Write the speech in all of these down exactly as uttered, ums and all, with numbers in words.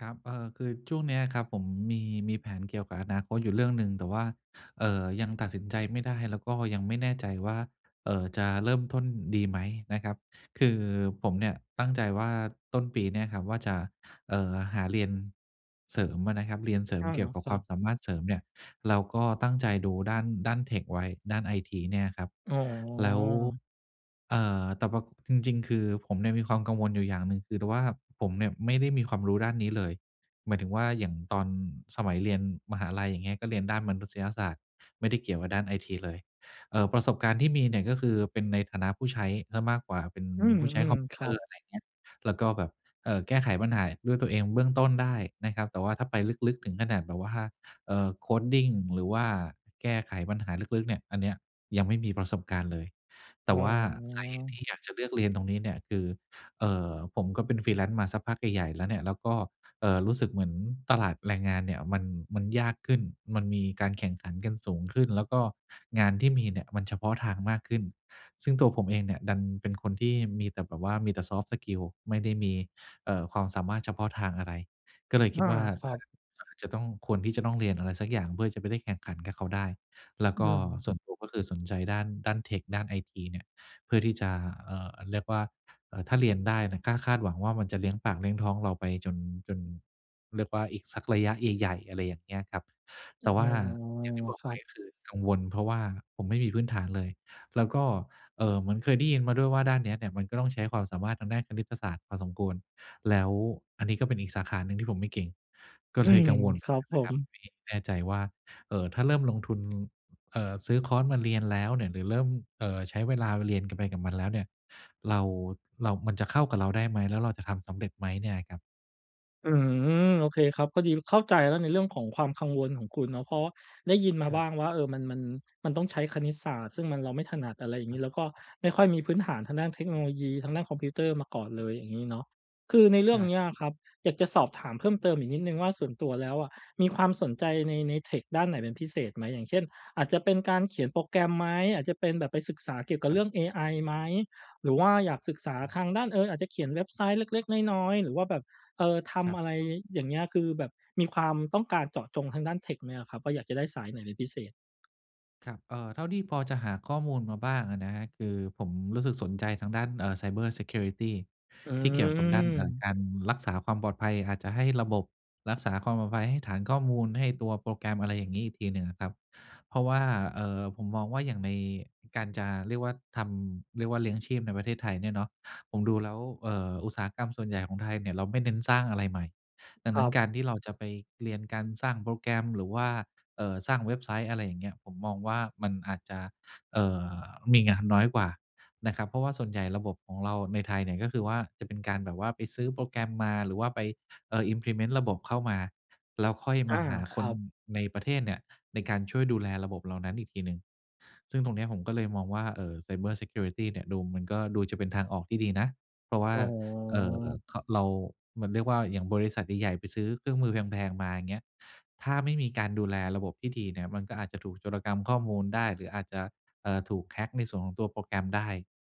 ครับ เออ คือช่วงนี้อะครับผมมี มีแผนเกี่ยวกับอนาคตอยู่เรื่องหนึ่ง แต่ว่า เอ่อ ยังตัดสินใจไม่ได้ แล้วก็ยังไม่แน่ใจว่า เอ่อ จะเริ่มต้นดีไหมนะครับ คือผมเนี่ยตั้งใจว่า ต้นปีเนี้ยครับว่าจะ เอ่อ หาเรียนเสริมอะนะครับ เรียนเสริอมา เกี่ยวกับครคัวามบ สามารถเสริมเนี่ย เราก็ตั้งใจดูด้าน ด้านเทคไว้ ด้านไอทีเนี่ยครับ อ๋อ แล้ว เอ่อ แต่ว่า จริง ๆ คือผมเนี่ยมีความกังวลอยู่อย่างหนึ่ง คือแต่ว่าผมเนี่ยไม่ได้มีความรู้ด้านนี้เลย หมายถึงว่า อย่างตอนสมัยเรียนมหาลัย อย่างเงี้ย ก็เรียนด้านมนุษยศาสตร์ ไม่ได้เกี่ยวกับด้านไอทีเลย เอ่อ ประสบการณ์ที่มีเนี่ยก็คือ เป็นในฐานะผู้ใช้เสียมากกว่า เป็นอืผู้ใช้คม อม ๆ คเรตัอรบ ์ อะไรอย่างเงี้ย แล้วก็แบบ เอ่อ แก้ไขปัญหาด้วยตัวเองเบื้องต้นได้นะครับ แต่ว่าถ้าไปลึก ๆ ถึงขนาดแบบว่า เอ่อ coding หรือว่าแก้ไขปัญหาลึก ๆ เนี่ย อันเนี้ยยังไม่มีประสบการณ์เลย แตอ่๋ว่าสาเหตุทอ ี่อยากจะเลือกเรียนตรงนี้เนี่ยคือ เอ่อ ผมก็เป็น Freelance มาสักพักใหญ่ ๆ แล้วเนี่ย แล้วก็ เอ่อ รู้สึกเหมือนตลาดแรงงานเนี่ยมัน มันยากขึ้น มันมีการแข่งขันกันสูงขึ้น แล้วก็งานที่มีเนี่ยมันเฉพาะทางมากขึ้น ซึ่งตัวผมเองเนี่ยดันเป็นคนที่มีแต่แบบว่า มีแต่ Soft Skills ไม่ได้มี เออ ความสามารถเฉพาะทางอะไร ก็เลยอคิดา ว่า ครถั้า บ อาจจะต้อง ควรที่จะต้องเรียนอะไรสักอย่าง เพื่อจะไปได้แข่งขันกับเขาได้ แล้วอืก็ม ส่วนตัวก็คือสนใจด้าน ด้านเทค ด้านไอทีเนี่ย เพื่อที่จะ เอ่อ เรียกว่า เอ่อ ถ้าเรียนได้น่ะ กล้าคาดหวังว่ามันจะเลี้ยงปาก เลี้ยงท้องเราไปจน จน เรียกว่า อีกสักระยะใหญ่ ๆ อะไรอย่างเงี้ยครับ แอ๋ต่อ ว่าอย่างที่บอกครไัปบ ก็คือกังวล เพราะว่าผมไม่มีพื้นฐานเลย แล้วก็ เอ่อ เหมือนเคยได้ยินมาด้วยว่า ด้านเนี้ยเนี่ยมันก็ต้องใช้ความสามารถทางด้านคณิตศาสตร์พอสมควร แล้วอันนี้ก็เป็นอีกสาขาหนึ่งที่ผมไม่เก่ง ก็อืเลย กม ังวลครับผนะครับม มี้ แน่ใจว่า เอ่อ ถ้าเริ่มลงทุน เอ่อ ซื้อคอร์สมาเรียนแล้วเนี่ย หรือเริ่ม เอ่อ ใช้เวลาเรียน ก ไปกับมันแล้วเนี่ย เรา เรา มันจะเข้ากับเราได้ไหม? แล้วเราจะทำสำเร็จไหม? เนี่ยครับ อื้อฮือ โอเคครับ พอดีเข้าใจแล้ว ในเรื่องของความกังวลของคุณเนาะ เพราะว่า ได้ยินมาครบับ ้างว่า เอ่อ มัน มัน มันต้องใช้คณิตศาสตร์ ซึ่งมัน เราไม่ถนัด อะไรอย่างคนรีับ ้ แล้วก็ไม่ค่อยมีพื้นฐาน ทางด้านเทคโนโลยี ทางด้านคอมพิวเตอร์มาก่อนเลย อย่างงี้เนาะ คือในเรใืช่อง่ นี้อะครับ อยากจะสอบถามเพิ่มเติมอีกนิดหนึ่งว่า ส่วนตัวแล้วอะมีความสนใจใน ในเทคด้านไหนเป็นพิเศษไหม? อย่างเช่น อาจจะเป็นการเขียนโปรแกรมไหม? อาจจะเป็นแบบไปศึกษาเกี่ยวกับครเรื่ับ อง AI ไหม? หรือว่าอยากศึกษาอืม ทางด้าน เอ่อ อาจจะเขียนเว็บไซต์เล็ก ๆ น้อย ๆ หรือว่าแบบ เอ่อ ทครัำบ อะไรอย่างเงี้ย คือแบบมีความต้องการเจาะจงทางด้านเทคไหมอะครับว่า อยากจะได้สายไหนเป็นพิเศษ? ครับ เอ่อ เท่าที่พอจะหาข้อมูลมาบ้างอะนะครับ คือผมรู้สึกสนใจทางด้าน เอ่อ ไซเบอร์ซีเคียวริตี อืที่เกี่ยวกับด้าน เอ่อ ม การรักษาความปลอดภัย อาจจะให้ระบบ รักษาความปลอดภัยให้ฐานข้อมูล ให้ตัวโปรแกรม อะไรอย่างงี้ อีกทีหนึ่งอะครับ เพราะว่า เอ่อ ผมมองว่าอย่างในการจะ เรียกว่าทำ เรียกว่าเลี้ยงชีพในประเทศไทยเนี่ยเนาะ ผมดูแล้ว เอ่อ อุตสาหกรรมส่วนใหญ่ของไทยเนี่ย เราไม่เน้นสร้างอะไรใหม่ ดังคนรัั้นบ การที่เราจะไปเรียนการสร้างโปรแกรม หรือว่า เอ่อ สร้างเว็บไซต์ อะไรอย่างเงี้ย ผมมองว่ามันอาจจะ เอ่อ มีงานน้อยกว่า นะครับ เพราะว่าส่วนใหญ่ระบบของเราในไทยเนี่ย ก็คือว่า จะเป็นการแบบว่าไปซื้อโปรแกรมมา หรือว่าไป เอ่อ Implement ระบบเข้ามา แล้วค่อยอมา าหาคครัน บ ในประเทศเนี่ย ในการช่วยดูแลระบบเหล่านั้นอีกทีหนึ่ง ซึ่งตรงนี้ผมก็เลยมองว่า เอ่อ ไซเบอร์ซีเคียวริตี เนี่ยดู มันก็ดูจะเป็นทางออกที่ดีนะ เพราะว่า อ๋เอ่อ อ ข เรา มันเรียกว่าอย่างบริษัทใหญ่ ๆ ไปซื้อเครื่องมือแพง ๆ มา อย่างเงี้ย ถ้าไม่มีการดูแลระบบที่ดีเนี่ย มันก็อาจจะถูกโจรกรรมข้อมูลได้ หรืออาจจะ เอ่อ ถูก hack ในส่วนของตัวโปรแกรมได้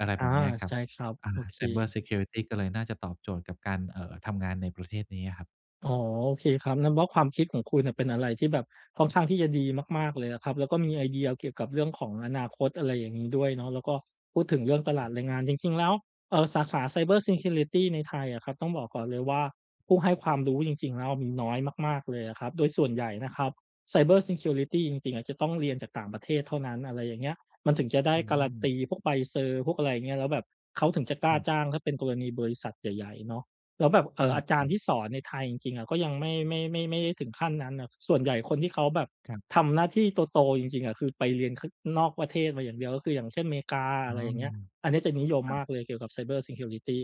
อะไรอแา บบนี้ครใับ ช่ครับ อ่โอา เค ไซเบอร์ซีเคียวริตี ก็เลยน่าจะตอบโจทย์กับการ เอ่อ ทำงานในประเทศนี้อะครับ อ๋อ โอเคครับ นับว่า ความคิดของคุณเนี่ยเป็นอะไรที่แบบค่อนข้างที่จะดีมาก ๆ เลยอะครับ แล้วก็มีไอเดียเกี่ยวกับเรื่องของอนาคต อะไรอย่างนี้ด้วยเนาะ แล้วก็พูดถึงเรื่องตลคราัดบ แรงงาน จริง ๆ แล้ว เอ่อ สาขา ไซเบอร์ซีเคียวริตี ในไทยอะครับ ต้องบอกก่อนเลยว่า ผู้ให้ความรู้จริง ๆ แล้วมีน้อยมาก ๆ เลยอะครับ โดยส่วนใหญ่นะครัคบ รับ ไซเบอร์ซีเคียวริตี จริง ๆ อะจะต้องเรียนจากต่างประเทศเท่านั้น อะไรอย่างเงี้ย มันถึงจะได้อืการ์รันม ตีพวกใบเซอร์ พวกอะไรอย่างเงี้ย แล้วแบบเขาถึงจะกล้คารับ จ้างถ้าเป็นกรณีบริษัทใหญ่ ๆ เนาะ แล้วแบบ เออ่า อ อาจคารรัย์ทบ ี่สอนในไทยจริง ๆ ก็ยังไม่ ไม่ ไม่ ไม่ได้ถึงขั้นนั้นอะ ส่วนใหญ่คนที่เขาแบบครับ ทำหน้าที่โต ๆ จริง ๆ อะ คือไปเรียน ข นอกประเทศมาอย่างเดียว ก็คืออย่างเช่น เมกา อ๋ออ ะไรอย่างเงี้ย อันนี้จะนิยมครัมบ ากเลยเกี่ยวกับ ไซเบอร์ซีเคียวริตี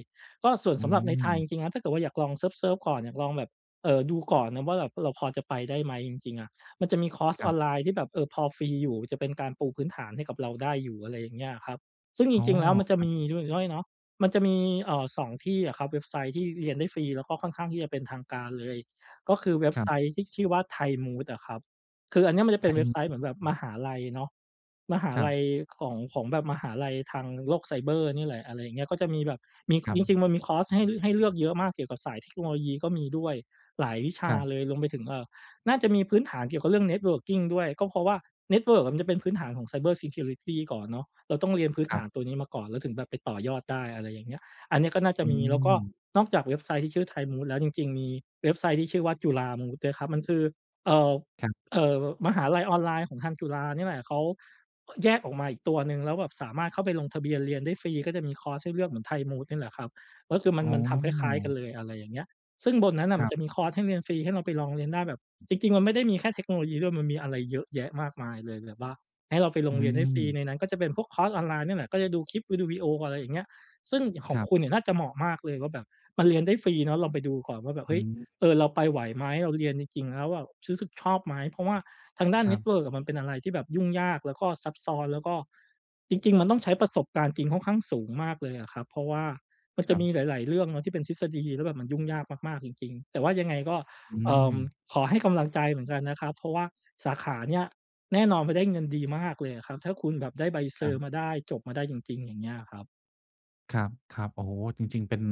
ก็ส่วนอืสำหรับในไทยจม ริง ๆ นะ ถ้าเกิดว่าอยากลองเซิร์ฟ ๆ ก่อน อยากลองแบบ เอ่อ ดูก่อนนะว่าแบบเราพอจะไปได้ไหมจริง ๆ อะ มันจะมีคอร์สครอัอบ นไลน์ที่แบบ เอ่อ พอฟรีอยู่จะเป็นการปูพื้นฐานให้กับเราได้อยู่ อะไรอย่างเงี้ยอะครับ ซึ่งจอ๋อ ริง ๆ แล้วมันจะครัมบ ีด้วย ด้วยเนาะ มันจะมี เอ่อ สอง ที่อะครับ เว็บไซต์ที่เรียนได้ฟรี แล้วก็ค่อนข้างที่จะเป็นทางการเลย ก็คือเว็บครัไซบ ต์ที่ชื่อว่า Thai MOOC อะครับ คืออันเนี้ยมันจะเป็นThai เว็บไซMOOC ต์เหมือนแบบเหรมอ? หาลัยเนาะ มหาครัลับ ยของ ของแบบมหาลัยทางโลกไซเบอร์เนี่ยแหละ อะไรอย่างเงี้ย ก็จะมีแบบ มี ครัจบ ริง ๆ มันมีคอร์สให้ ให้เลือกเยอะมากเกี่ยวกับสายเทคโนโลยีก็มีด้วยหลายวิชคารับ เลย รวมไปถึง เอ่อ น่าจะมีพื้นฐานเกี่ยวกับเรื่อง networking ด้วย ก็เพราะว่าเน็ตเวิร์กอะมันจะเป็นพื้นฐานของ ไซเบอร์ซีเคียวริตี ก่อนเนาะ เราต้องเรียนพื้นคฐรัาบ นตัวนี้มาก่อน แล้วถึงแบบไปต่อยอดได้ อะไรอย่างเงี้ย อันนี้ก็น่าจะอืมี แล้วก็ม นอกจากเว็บไซต์ที่ชื่อ Thai MOOC แล้วจริง ๆ มีเว็บไซต์ที่ชื่อว่า CHULA MOOC ด้วยครับ มันคือ เอ่อ ครับ เอ่อ มหาลัยออนไลน์ของทางจุฬานี่แหละ เขาแยกออกมาอีกตัวหนึ่ง แล้วแบบสามารถเข้าไปลงทะเบียนเรียนได้ฟรี ก็จะมีคอร์สให้เลือกเหมือน Thai MOOC นี่แหละครับ ก็คือมัอน ๋มันทำคล้าย ๆ กัอ นเลย อะไรอย่างเงี้ย ซึ่งบนนั้นน่ะคมรัันบ จะมีคอร์สให้เรียนฟรี ให้เราไปลองเรียนได้แบบ จริง ๆ มันไม่ได้มีแค่เทคโนโลยีด้วย มันมีอะไรเยอะแยะมากมายเลยแบบว่า ให้เราไปลอืงเรียนได้ฟรีม ในนั้นก็จะเป็นพวกคอร์สออนไลน์ เนี่ยแหละ ก็จะดูคลิป อือ ดูวิโอ อะไรอย่างเงี้ย ซึ่งขอคงรับ คุณเนี่ยน่าจะเหมาะมากเลยว่าแบบมันเรียนได้ฟรีเนาะ ลองไปดูก่อนว่าแบบ เฮอื้ย ม เออ เราไปไหวไหม เราเรียนจริง ๆ แล้วอะ ซื้อสึกชอบไหม เพราะว่าทางด้านครเนั็บ ตเวิร์กอะมันเป็นอะไรที่แบบยุ่งยาก แล้วก็ซับซ้อน แล้วก็ จริง ๆ มันต้องใช้ประสบการณ์จริงค่อนข้างสูงมากเลยอะครับ เพราะว่ามันคจะรัมีบ หลาย ๆ เรื่องเนาะที่เป็นทฤษฎีแล้วแบบมันยุ่งยากมาก ๆ จริง ๆ แต่ว่ายังไงก็ อืเอ่อ ม ขอให้กำลังใจเหมือนกันนะครับ เพราะว่าสาขาเนี่ยแน่นอนมันได้เงินดีมากเลยอะครับ ถ้าคุณแบบได้ใบเซครัอรบ ์มาได้ จบมาได้จริง ๆ อย่างเงี้ยอะครับ ครับ ครับ โอ้โฮ! จริง ๆ เป็น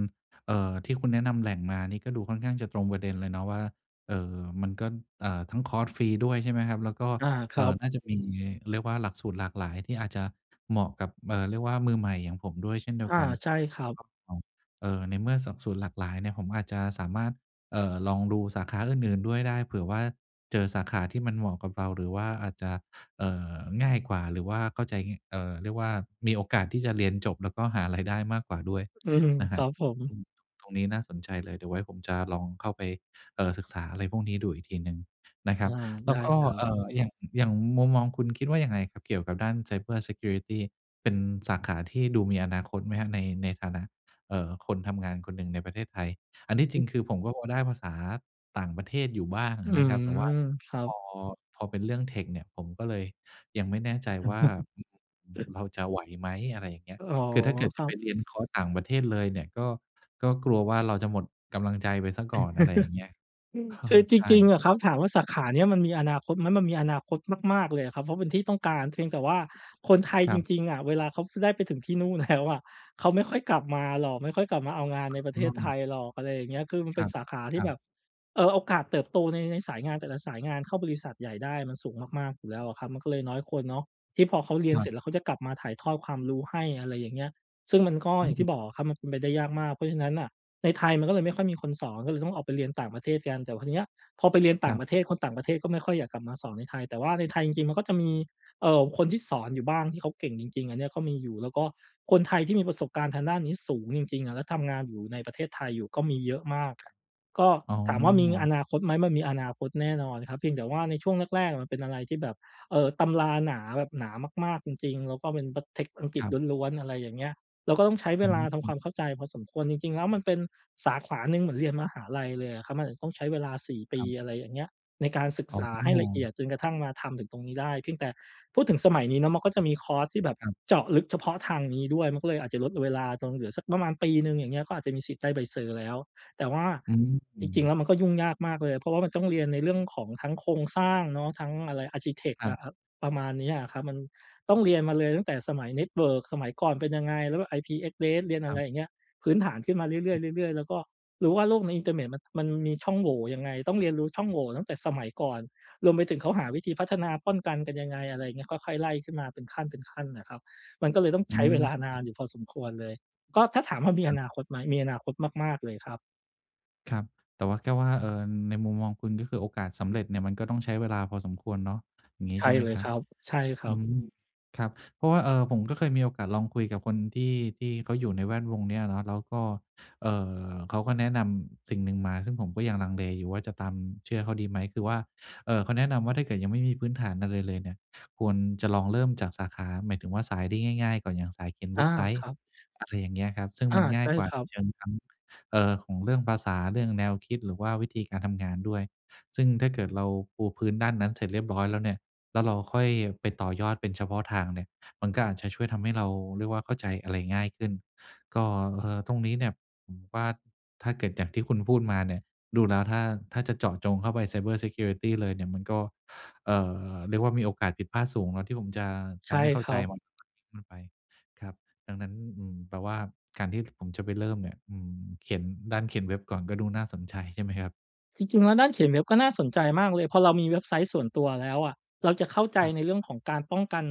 เอ่อ ที่คุณแนะนำแหล่งมานี่ก็ดูค่อนข้างจะตรงประเด็นเลยเนาะว่า เอ่อ มันก็ อ่า ทั้งคอร์สฟรีด้วย ใช่ไหมครับ? แล้วก็ อา คเอรั่อ บ น่าจะมี เรียกว่า หลักสูตรหลากหลายที่อาจจะเหมาะกับ เอ่อ เรียกว่า มือใหม่อย่างผมด้วยเช่นเดีอยวา กันใช่ครนัะบ ครับผม เอ่อ ในเมื่อสบสูน หลากหลายเนี่ย ผมอาจจะสามารถ เอ่อ ลองดูสาขาอื่น ๆ ด้วยได้ เผื่อว่าเจอสาขาที่มันเหมาะกับเรา หรือว่าอาจจะ เอ่อ ง่ายกว่า หรือว่าเข้าใจ ง เอ่อ เรียกว่า มีโอกาสที่จะเรียนจบ แล้วก็หา ราย ได้มากกว่าด้วยอืม นะคครรับ ับผม อืม ต ตรงนี้น่าสนใจเลย เดี๋ยวไว้ผมจะลองเข้าไป เอ่อ ศึกษาอะไรพวกนี้ดูอีกทีหนึ่งนะคอรัา บ แลได้้วก็ ครัเบ อ่อ อย่าง อย่างมุมมองคุณคิดว่ายังไงครับ? เกี่ยวกับด้าน cybersecurity เป็นสาขาที่ดูมีอนาคตไหมครับ? ใน ในฐานะ เอ่อ คนทำงานคนหนึ่งในประเทศไทย อันที่จอรืิงม คือ ผมก็โอได้ภาษาต่างประเทศอยู่บ้างออืะนะครัม บ แต่ว่าครัพบ อ พอเป็นเรื่อง tech เนี่ยผมก็เลยยังไม่แน่ใจว่า อืม เราจะไหวไหม อะไรอย่างเงี้ย อ๋อ คือถ้าเกิดคจระัไปบ เรียนคอร์สต่างประเทศเลยเนี่ย ก็ ก็กลัวว่าเราจะหมดกำลังใจไปเสียก่อน อะไรอย่างเงี้ย เอคือ อจใช่ ริง ๆ อะครับ ถามว่าสาขาเนี้ยมันมีอนาคตไหม? มันมีอนาคตมาก ๆ เลยอะครับ เพราะเป็นที่ต้องการ เพียงแต่ว่า คนไทยคจรับ ริง ๆ อะ เวลาเขา ป ได้ไปถึงที่นู่น แล้ว อะ เขาไม่ค่อยกลับมาหรอก ไม่ค่อยกลับมาเอางานในประเอท๋ศไทอ ยหรอก อะไรอย่างเงี้ย คือมันคเปร็ันบ สาขาทคีร่ัแบบ บ เอ่อ โอกาสเติบโตใน ในสายงานแต่ละสายงานเข้าบริษัทใหญ่ได้มันสูงมาก ๆ อยู่แล้วอะครับ มันก็เลยน้อยคนเนาะที่พอเขาเรียคนรเัสรบ ็จ แล้วเขาจะกลับมาถ่ายทอดความรู้ให้ อะไรอย่างเงี้ย ซึ่งมันก็ออย่างที่ืม บอกอะครับ มันเป็นไปได้ยากมาก เพราะฉะนั้นน่ะในไทยมันก็เลยไม่ค่อยมีคนสอน ก็เลยต้องออกไปเรียนต่างประเทศกัน แต่พอเนี้ย พอไปเรียนต่คารงับ ประเทศ คนต่างประเทศก็ไม่ค่อยอยากกลับมาสอนในไทย แต่ว่าในไทยจริง ๆ มันก็จะมี เอ่อ คนที่สอนอยู่บ้างที่เขาเก่งจริง ๆ อันเนี้ยก็มีอยู่ แล้วก็คนไทยที่มีประสบการณ์ทางด้านนี้สูงจริง ๆ อะ แล้วทำงานอยู่ในประเทศไทยอยู่ก็มีเยอะมาก ครับ ก็อ๋อ ถามว่ามีอนาคตไหม? มันมีอนาคตแน่นอนครับ เพียงแต่ว่าในช่วงแรก ๆ อะ มันเป็นอะไรที่แบบ เอ่อ ตำราหนา แบบหนามาก ๆ จริง ๆ แล้วก็เป็นปัด text อังกฤคษรับ ล้วน ๆ อะไรอย่างเงี้ย เราก็ต้องใช้เวอลาทำืคม วามเข้าใจพอสมควร จริง ๆ แล้ว มันเป็นสาขาหนึ่งเหมือนเรียนมหาลัยเลยอะครับ มันอาจจะต้องใช้เวลา สี่ ปคี รับ อะไรอย่างเงี้ย ในการศึกอ๋ษอ าให้ละเอียด จนกระทั่งมาทำถึงตรงนี้ได้ เพียงแต่พูดถึงสมัยนี้เนาะ มันก็จะมีคอร์สที่แบบครับ เจาะลึกเฉพาะทางนี้ด้วย มันก็เลยอาจจะลดเวลาลงเหลือสักประมาณปีหนึ่ง อย่างเงี้ย ก็อาจจะมีสิทธิ์ได้ใบเซอร์แล้ว แต่ว่าอืจริง ๆ ม แล้ว มันก็ยุ่งยากมากเลย เพราะว่ามันต้องเรียนในเรื่องของทั้งโครงสร้างเนาะ ทั้งอะไร อาร์คิเทก ครอับ ะ อะ ประมาณเนี้ยอะครับ มันต้องเรียนมาเลยตั้งแต่สมัย เน็ตเวิร์ก สมัยก่อนเป็นยังไง แล้วแบบ IP address เรียนอคะรไัรบ อย่างเงี้ย พื้นฐานขึ้นมาเรื่ออือ ย ๆ เรื่อย ๆ แล้วก็รู้ว่าโลกในอินเตอร์เมต มัน มันมีช่องโหว่ยังไง ต้องเรียนรู้ช่องโหว่ตั้งแต่สมัยก่อน รวมไปถึงเขาหาครับ วิธีพัฒนาป้อนกันกันยังไง อะไรเงี้ย ก็ค่อยไล่ขึ้นมาเป็นขั้นเป็นขั้นน่ะครับ มันก็เลยต้องอใชื้เวม ลานานอยู่พอสมควรเลย ก็ถ้าถามว่ามีคอรับ นาคตไหม? มีอนาคตมาก ๆ เลยครับ ครับ แต่ว่า แค่ว่า เอ่อ ในมุมมองคุณ ก็คือ โอกาสสำเร็จเนี่ย มันก็ต้องใช้เวลาพอสมควรเนาะ อย่างงีใช้่ใช่ไหมเลยครคับ? รับ ใช่ครอัืบ ม ครับ เพราะว่า เอ่อ ผมก็เคยมีโอกาสลองคุยกับคนที่ ที่เขาอยู่ในแวดวงนี้อะเนาะ แล้วก็ เอ่อ เขาก็แนะนำสิ่งหนึ่งมา ซึ่งผมก็ยังลังเลอยู่ว่า จะตาม เชื่อเขาดีไหม คือว่า เอ่อ เขาแนะนำว่า ถ้าเกิดยังไม่มีพื้นฐานอะไรเลยเนี่ย ควรจะลองเริ่มจากสาขา หมายถึงว่า สายที่ง่าย ๆ ก่อนอย่างสายเขียนอเวา ็บไซคต์ รับ อะไรอย่างเงี้ยครับ ซึ่งอา มันงใ่าชย่กว่าครับ เชิงทั้ง เอ่อ ของเรื่องภาษา เรื่องแนวคิด หรือว่าวิธีการทำงานด้วย ซึ่งถ้าเกิดเราปูพื้นด้านนั้นเสร็จเรียบร้อยแล้วเนี่ย แล้วเราค่อยไปต่อยอดเป็นเฉพาะทางเนี่ย มันก็อาจจะช่วยทำให้เราเรียกว่า เข้าใจอะไรง่ายขึ้น ก็ เอ่อ ตรงนี้เนี่ยผมว่า ถ้าเกิดอย่างที่คุณพูดมาเนี่ย ดูแล้วถ้า ถ้าจะเจาะจงเข้าไป ไซเบอร์ซีเคียวริตี เลยเนี่ย มันก็ เอ่อ เรียกว่ามีโอกาสผิดพลาดสูงเนาะ ที่ผมจะ ใจชะ่ไม่เข้าครใัจ บ [unintelligible] ไป ครับ ดังนั้น อืม แปลว่า การที่ผมจะไปเริ่มเนี่ย อืม เขียน ด้านเขียนเว็บก่อนก็ดูน่าสนใจ ใช่ไหมครับ? จริง ๆ แล้วด้านเขียนเว็บก็น่าสนใจมากเลย พอเรามีเว็บไซต์ส่วนตัวแล้วอะ เราจะเข้าใจครับ ในเรื่องของการป้องกัน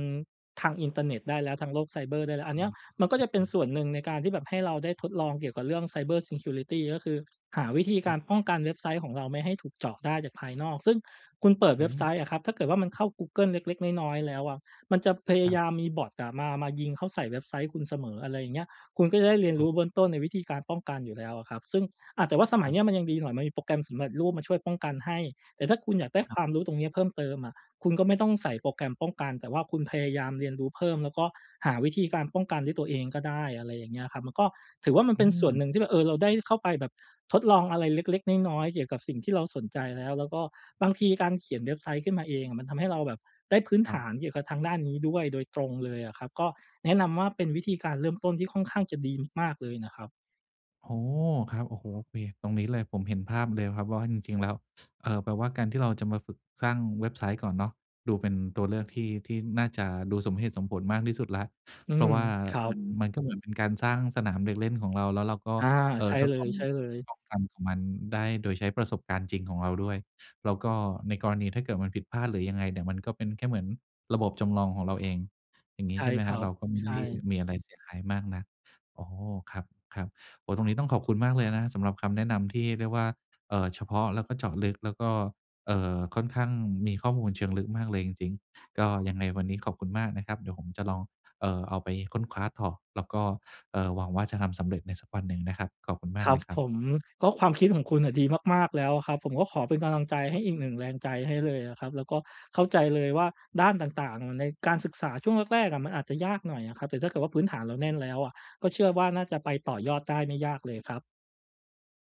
ทางอินเตอร์เน็ตได้แล้ว ทางโลกไซเบอร์ได้แล้ว อัอนเนา ี้ยมันก็จะเปอ็ืนอ ๆ ๆ ส่วนหนึ่งในการที่แบบให้เราได้ทดลองเกี่ยวกับเรื่อง ไซเบอร์ซีเคียวริตี ก็คือ หาวิธีคกราับ รป้องกันเว็บไซต์ของเราไม่ให้ถูกเจาะได้จากภายนอก ซึ่งคุณเปิดอเว็บไซืม ต์อะครับ ถ้าเกิดว่ามันเข้ากูเกิลเล็ก ๆ น้อย ๆ แล้วอะ มันจะพยคราัยบ ามมีบ็อตอะมา มายิงเข้าใส่เว็บไซต์คุณเสมอ อะไรอย่างเงี้ย คุณก็จะได้เรียนอรู๋อ ้เบื้องต้นในวิธีการป้องกันอยู่แล้วอะครับ ซึ่ง อ่า แต่ว่าสมคัยรับ นี้มันยังดีหน่อย มันมีโปรแกรมสำเร็จรูปมาช่วยป้องกันให้ แต่ถ้าคุณอยากได้ครคับ วามรู้ตรงนี้เพิ่มเติมอะ คุณก็ไม่ต้องใส่โปรแกรมป้องกัน แต่ว่าคุณพยายามเรียนรู้เพิ่ม แล้วก็หาวิธีการป้องกันด้วยตัวเองก็ได้ อะไรอย่างเงี้ยครับ มันก็ถือว่ามันอเป็นส่วนืม หนึ่งที่แบบ เออ เราได้เข้าไปแบบทดลองอะไรเล็ก ๆ น้อย ๆ เกี่ยวกับสิ่งที่เราสนใจแล้ว แล้วก็บางทีการเขียนเว็บไซต์ขึ้นมาเองอะ มันทำให้เราแบบได้พื้นคฐรัาบ นเกี่ยวกับทางด้านนี้ด้วยโดยตรงเลยอะครับ ก็แนะนำว่าเป็นวิธีการเริ่มต้นที่ค่อนข้างจะดีมาก ๆ เลยนะครับ อ๋อ ครับ โอ้โฮ โอเค ตรงนี้เลย ผมเห็นภาพเลยครับว่า จริง ๆ แล้ว เอ่อ แปลว่าการที่เราจะมาฝึกสร้างเว็บไซต์ก่อนเนาะ ดูเป็นตัวเลือกที่ ที่น่าจะดูสมเหตุสมผลมากที่สุดแล้ว อืเพราม ะว่าครัมับ น มันก็เหมือนเป็นการสร้างสนามเด็กเล่นของเราแล้วเราก็ อา เอ่ใอ ช่ทดเลลอง ย ๆ ลองกัน ของมันได้โดยใช้ประสบการณ์จริงของเราด้วย แล้วก็ในกรณีถ้าเกิดมันผิดพลาด หรือยังไงเนี่ย มันก็เป็นแค่เหมือนระบบจำลองของเราเอง อย่างงีใช้ใ่ช่ไหมคครรัับ? บ เราก็ไม่ใชได้่ มีอะไรเสียหายมากนัก อ๋อ ครับ ครับ โอ้ ตรงนี้ต้องขอบคุณมากเลยนะครับ สำหรับคำแนะนำที่เรียกว่า เอ่อ เฉพาะแล้วก็เจาะลึก แล้วก็ เอ่อ ค่อนข้างมีข้อมูลเชิงลึกมากเลยจริง ๆ ก็ยังไงวันนี้ขอบคุณมากนะครับ เดี๋ยวผมจะลอง เอ่อ เอาไปค้นคว้าต่อ แล้วก็ เอ่อ หวังว่าจะทำสำเร็จในสักวันหนึ่งนะครับ ขอบคุณมาคกรเัลบยครัผบ ม ก็ความคิดของคุณน่ะดีมาก ๆ แล้วอะครับ ผมก็ขอเป็นกำลังใจให้อีกหนึ่งแรงใจให้เลยอะครับ แล้วก็เข้าใจเลยว่าด้านต่าง ๆ ในการศึกษาช่วงแรก ๆ อะ มันอาจจะยากหน่อยอะครับ แต่ถ้าเกิดว่าพื้นฐานเราแน่นแล้วอะ ก็เชื่อว่าน่าจะไปต่อยอดได้ไม่ยากเลยครับ